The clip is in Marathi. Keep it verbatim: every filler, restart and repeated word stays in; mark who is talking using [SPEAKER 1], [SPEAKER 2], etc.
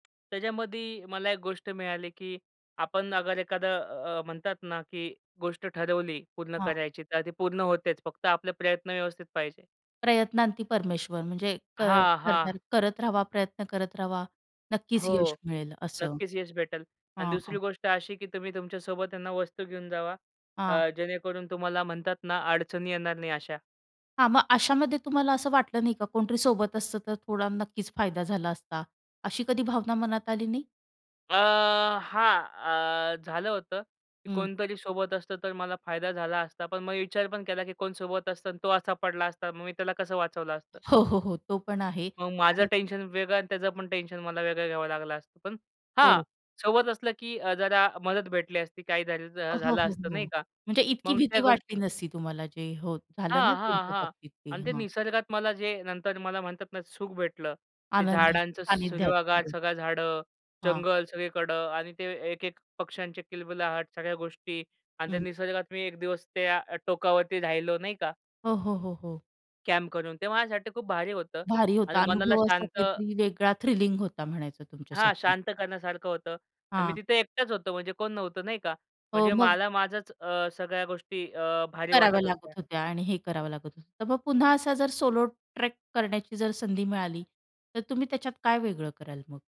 [SPEAKER 1] त्यांच्यामधी मला एक गोष्ट मिळाली, की आपण अगर एखादं अ, म्हणतात ना, की गोष्ट ठरवली पूर्ण
[SPEAKER 2] हां.
[SPEAKER 1] करायची, तर ती पूर्ण होतेच. फक्त आपले प्रयत्न व्यवस्थित पाहिजे.
[SPEAKER 2] प्रयत्नांती परमेश्वर. म्हणजे क
[SPEAKER 1] हां, हां.
[SPEAKER 2] कर, करत रहावा, प्रयत्न करत रहावा, नक्कीच
[SPEAKER 1] हो.
[SPEAKER 2] यश भेटेल असं.
[SPEAKER 1] नक्कीच यश भेटेल आणि
[SPEAKER 2] हां, हां.
[SPEAKER 1] दुसरी गोष्ट अशी, की तुम्ही तुमच्यासोबत आहे ना, वस्तू घेऊन जावा,
[SPEAKER 2] हां.
[SPEAKER 1] अ, जेणेकरून तुम्हाला म्हणतात ना, अडचणी येणार नाही अशा.
[SPEAKER 2] हां, मग अशामध्ये तुम्हाला असं वाटलं नाही का कोणतरी सोबत असतं, तर थोडा नक्कीच फायदा झाला असता, अशी कधी भावना मनात आली नाही?
[SPEAKER 1] अ, हां. अ, झालं होतं, की
[SPEAKER 2] हं.
[SPEAKER 1] कोणतरी सोबत असतं, तर मला फायदा झाला असता, पण मी विचार पण केला, की कोण सोबत असतं अन् तो असा पडला असता, मग मी त्याला कसं वाचवलं असतं.
[SPEAKER 2] हो, हो, हो, तो पण आहे
[SPEAKER 1] मग माझं
[SPEAKER 2] आणि
[SPEAKER 1] टेन्शन वेगळं अन् त्याचं पण टेन्शन मला वेगळं घ्यावं लागलं असतं. पण हां,
[SPEAKER 2] हो.
[SPEAKER 1] सोबत असलं, की अ, जरा मदत भेटली असती, काही जर अ,
[SPEAKER 2] हो,
[SPEAKER 1] झालं
[SPEAKER 2] हो,
[SPEAKER 1] असतं,
[SPEAKER 2] हो.
[SPEAKER 1] नाही का.
[SPEAKER 2] म्हणजे इतकी
[SPEAKER 1] मग
[SPEAKER 2] भीती
[SPEAKER 1] त्या गोष्टी
[SPEAKER 2] वाटली नसती तुम्हाला जे हो, झालं ना
[SPEAKER 1] हां, हां,
[SPEAKER 2] तुमच्या
[SPEAKER 1] हां
[SPEAKER 2] बाबतीत ते.
[SPEAKER 1] अन् ते
[SPEAKER 2] हां.
[SPEAKER 1] निसर्गात मला जे नंतर मला म्हणतात ना सुख भेटलं. ते
[SPEAKER 2] आनंद
[SPEAKER 1] झाडांचं
[SPEAKER 2] सानिध्यात
[SPEAKER 1] सूरवागार
[SPEAKER 2] हो.
[SPEAKER 1] सगळा झाडं,
[SPEAKER 2] हां.
[SPEAKER 1] जंगल सगळीकडं आणि ते एक-एक पक्ष्यांचे किलबिलाट, सगळ्या गोष्टी आणि ते
[SPEAKER 2] हं.
[SPEAKER 1] निसर्गात मी एक दिवस त्या अ, टोकावरती राहिलो, नाही का.
[SPEAKER 2] हो, हो, हो, हो.
[SPEAKER 1] कॅम्प करून. ते माझ्यासाठी खूप भारी होतं
[SPEAKER 2] भारी
[SPEAKER 1] आणि
[SPEAKER 2] होता
[SPEAKER 1] मनाला
[SPEAKER 2] अनुभव, असा
[SPEAKER 1] शांत
[SPEAKER 2] काहीतरी वेगळा थ्रिलिंग होता म्हणायचं
[SPEAKER 1] हां,
[SPEAKER 2] तुमच्यासाठी.
[SPEAKER 1] शांत करण्यासारखं होतं अन् मी
[SPEAKER 2] हां.
[SPEAKER 1] तिथे एकटाच होतो, म्हणजे कोण नव्हतं नाही का
[SPEAKER 2] अ,
[SPEAKER 1] म्हणजे
[SPEAKER 2] मग
[SPEAKER 1] मला माझंच अ, सगळ्या गोष्टी अ, भारी
[SPEAKER 2] कराव्या
[SPEAKER 1] वाटत होत्या.
[SPEAKER 2] लागत होत्या आणि हे करावं लागत होतं. तर मग पुन्हा असा जर सोलो ट्रेक करण्याची जर संधी मिळाली, तर तुम्ही त्याच्यात काय वेगळं कराल मग?